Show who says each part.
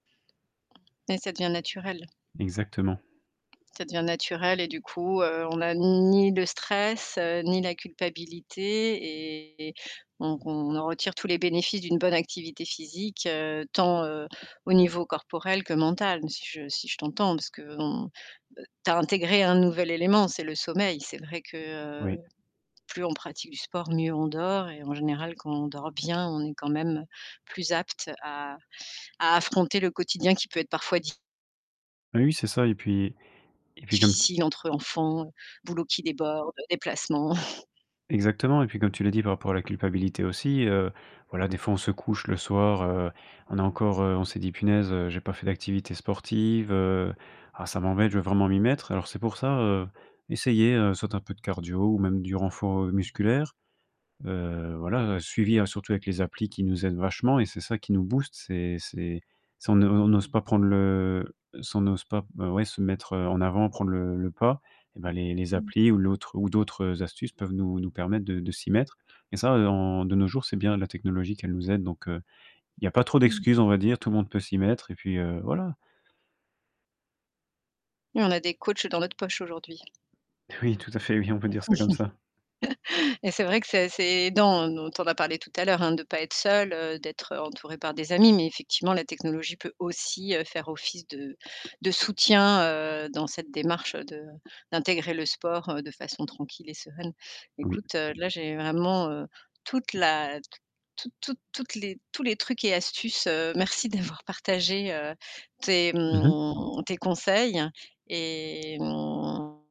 Speaker 1: Et ça devient naturel.
Speaker 2: Exactement.
Speaker 1: Ça devient naturel et du coup, heu, on a ni le stress, heu, ni la culpabilité et donc on en retire tous les bénéfices d'une bonne activité physique, heu, tant, heu, au niveau corporel que mental. Si je si je t'entends parce qu'on, heu, tu as intégré un nouvel élément, c'est le sommeil. C'est vrai que, heu,
Speaker 2: Oui.
Speaker 1: plus on pratique du sport, mieux on dort et en général quand on dort bien, on est quand même plus apte à à affronter le quotidien qui peut être parfois di
Speaker 2: Oui, oui, c'est ça, et puis et puis comme t
Speaker 1: difficile entre enfants, boulots qui déborde, déplacements.
Speaker 2: exactement et puis comme tu l'as dit par rapport à la culpabilité aussi, heu, voilà des fois on se couche le soir, heu, on a encore heu, on s'est dit: «Punaise, heu, j'ai pas fait d'activité sportive, heu, ah ça m'embête. Je veux vraiment m'y mettre» alors c'est pour ça, heu, essayer, heu, soit un peu de cardio ou même du renfort, heu, musculaire. Heu, voilà, heu, suivi hein, surtout avec les applis qui nous aident vachement et c'est ça qui nous booste. C'est c'est si on ne on n'ose pas prendre le si on n'ose pas, heu, ouais, se mettre en avant, prendre le le pas et ben les les
Speaker 1: Mmh.
Speaker 2: applis ou l'autre ou d'autres, heu, astuces peuvent nous nous permettre de de s'y mettre et ça, heu, en de nos jours, c'est bien la technologie qu'elle nous aide, donc heu, il y a pas trop
Speaker 1: Mmh mh.
Speaker 2: d'excuses on va dire. Tout le monde peut s'y mettre, et puis, heu, voilà.
Speaker 1: Oui, on a des coachs dans notre poche aujourd'hui.
Speaker 2: Oui, tout à fait, oui, on peut dire ça, comme ça.
Speaker 1: Et c'est vrai que ça c'est dans dont on a parlé tout à l'heure, hein, de pas être seul, heu, d'être entouré par des amis mais effectivement la technologie peut aussi, heu, faire office de de soutien, heu, dans cette démarche de d'intégrer le sport, heu, de façon tranquille et sereine.
Speaker 2: Oui.
Speaker 1: Écoute, heu, là j'ai vraiment, heu, toute la toute toute toutes les tous les trucs et astuces, heu, merci d'avoir partagé, heu, tes,
Speaker 2: Mmh mh.
Speaker 1: mmh, tes conseils et mmh